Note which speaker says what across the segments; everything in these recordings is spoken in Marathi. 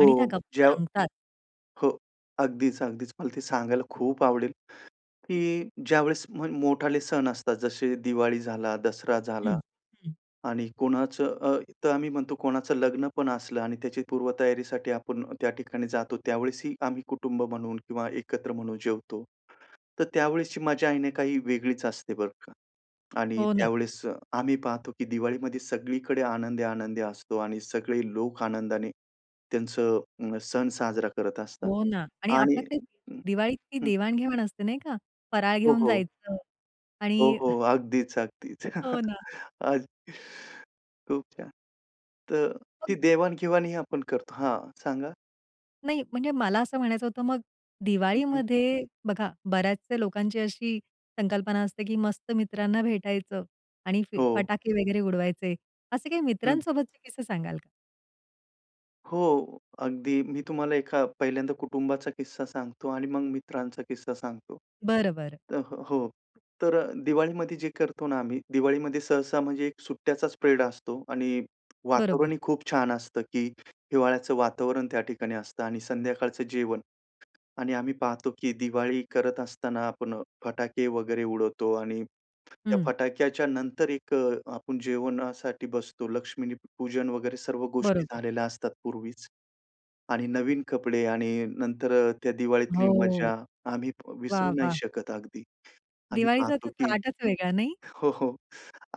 Speaker 1: आणि त्या गप्पा
Speaker 2: ज्या
Speaker 1: रंगतात.
Speaker 2: हो, अगदीच, अगदीच. मला ते सांगायला खूप आवडेल की ज्यावेळेस म्हण मोठाले सण असतात, जसे दिवाळी झाला, दसरा झाला
Speaker 1: हं. हं.
Speaker 2: आणि कोणाचं अ, तर आम्ही म्हणतो, कोणाचं लग्न पण असलं आणि त्याची पूर्वतयारीसाठी आपण त्या ठिकाणी जातो, त्यावेळेसही आम्ही कुटुंब म्हणून किंवा एकत्र म्हणून जेवतो. तर त्यावेळेसची मजा आहे ना, काही वेगळीच असते, बरं का. आणि
Speaker 1: हो ना.
Speaker 2: त्यावेळेस आम्ही पाहतो की दिवाळीमध्ये सगळीकडे आनंदी, आनंद असतो आणि सगळे लोक आनंदाने त्यांचं अ, सण साजरा करत असतात.
Speaker 1: हो ना. आणि
Speaker 2: आणि
Speaker 1: आपल्याकडे दिवाळीतली
Speaker 2: हं.
Speaker 1: देवाण-घेवाण असते, नाही का? फराळ
Speaker 2: हो,
Speaker 1: घेऊन
Speaker 2: हो.
Speaker 1: जायचं
Speaker 2: हो,
Speaker 1: आणि
Speaker 2: हो. अगदीच, अगदीच.
Speaker 1: हो ना.
Speaker 2: अ, खूप छान. तर ती
Speaker 1: [unintelligible]
Speaker 2: देवाण-घेवाण आपण करतो हां, सांगा.
Speaker 1: नाही, म्हणजे मला असं म्हणायचं होतं, मग
Speaker 2: हं, हं.
Speaker 1: दिवाळीमध्ये बघा, बऱ्याचशा लोकांची अशी संकल्पना असते की मस्त मित्रांना भेटायचं आणि फ
Speaker 2: हो.
Speaker 1: फटाके वगैरे उडवायचे. असे काही
Speaker 2: हं.
Speaker 1: मित्रांसोबतचे किस्से सांगाल का?
Speaker 2: हो, अगदी मी तुम्हाला एका पहिल्यांदा कुटुंबाचा किस्सा सांगतो आणि मग मित्रांचा किस्सा सांगतो.
Speaker 1: बरं, बरं.
Speaker 2: अ, हो. तर दिवाळीमध्ये जे करतो ना, आम्ही दिवाळीमध्ये सहसा, म्हणजे एक सुट्ट्याचा स्प्रेड असतो आणि
Speaker 1: बरोबर.
Speaker 2: वातावरणही खूप छान असतं, की हिवाळ्याचं वातावरण त्या ठिकाणी असतं आणि संध्याकाळचं जेवण. आणि आम्ही पाहतो की दिवाळी करत असताना आपण फटाके वगैरे उडवतो आणि त्या
Speaker 1: हं.
Speaker 2: फटाक्याच्या नंतर एक अ, आपण जेवणासाठी बसतो. लक्ष्मी पूजन वगैरे सर्व गोष्टी
Speaker 1: बरोबर.
Speaker 2: झालेल्या असतात पूर्वीच. आणि नवीन कपडे आणि नंतर अ, त्या दिवाळीतली
Speaker 1: हो.
Speaker 2: मजा आम्ही
Speaker 1: वाह!
Speaker 2: विसरू नाही
Speaker 1: वाह!
Speaker 2: शकत अगदी. आम्ही
Speaker 1: दिवाळीचा
Speaker 2: पाहतो
Speaker 1: तर
Speaker 2: की
Speaker 1: थाटच वेगळा नाही?
Speaker 2: हो, हो,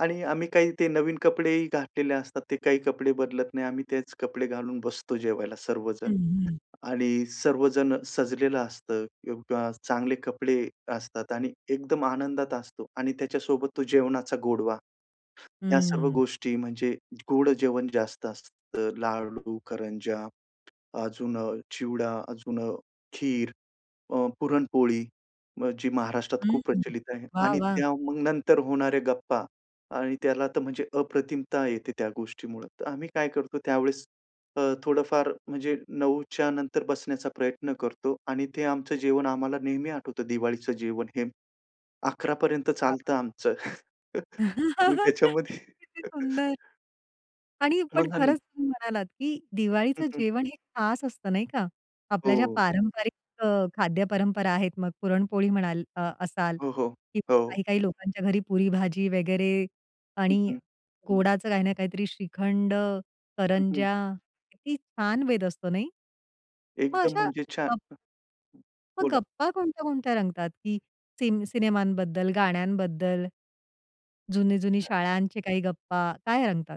Speaker 2: आणि आम्ही काही ते नवीन कपडेही घातलेले असतात. ते काही कपडे बदलत नाही. आम्ही तेच कपडे घालून बसतो जेवायला
Speaker 1: हं,
Speaker 2: सर्वजण.
Speaker 1: हं.
Speaker 2: आणि सर्वजण सजलेलं असतं किंवा चांगले कपडे असतात आणि एकदम आनंदात असतो आणि त्याच्यासोबत तो जेवणाचा गोडवा. ह्या सर्व
Speaker 1: हं.
Speaker 2: गोष्टी म्हणजे गोड जेवण जास्त असतं लाडू, करंज्या, अजून अ, चिवडा, अजून अ, खीर, अ, पुरणपोळी जी महाराष्ट्रात
Speaker 1: हं,
Speaker 2: खूप
Speaker 1: हं.
Speaker 2: प्रचलित आहे
Speaker 1: वाह,
Speaker 2: आणि
Speaker 1: वाह!
Speaker 2: त्या मग नंतर होणारे गप्पा आणि त्याला तर म्हणजे अप्रतिमता येते त्या गोष्टीमुळं. तर आम्ही काय करतो त्यावेळेस अ, थोडंफार, म्हणजे 9:00च्या नंतर बसण्याचा प्रयत्न करतो आणि ते आमचं जेवण आम्हाला नेहमी आठवतं दिवाळीचं जेवण हे 11:00पर्यन्त
Speaker 1: वाह,
Speaker 2: चालतं
Speaker 1: वाह!
Speaker 2: आमचं. मग त्याच्यामध्ये
Speaker 1: किती सुंदर! आणि पण
Speaker 2: मग आम्ही
Speaker 1: खरंच तुम्ही म्हणालात की
Speaker 2: हं,
Speaker 1: दिवाळीचं
Speaker 2: हं.
Speaker 1: जेवण हे खास असतं, नाही का? आपल्या ज्या
Speaker 2: हो.
Speaker 1: पारंपरिक अ, खाद्य परंपरा आहेत, मग पुरणपोळी म्हणाल अ, असाल
Speaker 2: हो, हो.
Speaker 1: किंवा
Speaker 2: हो.
Speaker 1: काही-काही लोकांच्या घरी पुरी-भाजी वगैरे
Speaker 2: हं,
Speaker 1: आणि
Speaker 2: हं.
Speaker 1: गोडाचं काही ना काहीतरी श्रीखंड,
Speaker 2: हं, हं.
Speaker 1: करंज्या किती छान बेत असतो, नाही? मग
Speaker 2: एकदम
Speaker 1: अशा
Speaker 2: म्हणजे छान
Speaker 1: अ
Speaker 2: हं.
Speaker 1: मग
Speaker 2: बोला.
Speaker 1: गप्पा कोणत्या-कोणत्या रंगतात, की सिन सिनेमांबद्दल, गाण्यांबद्दल, जुनी-जुनी शाळांचे काही गप्पा काय रंगतात?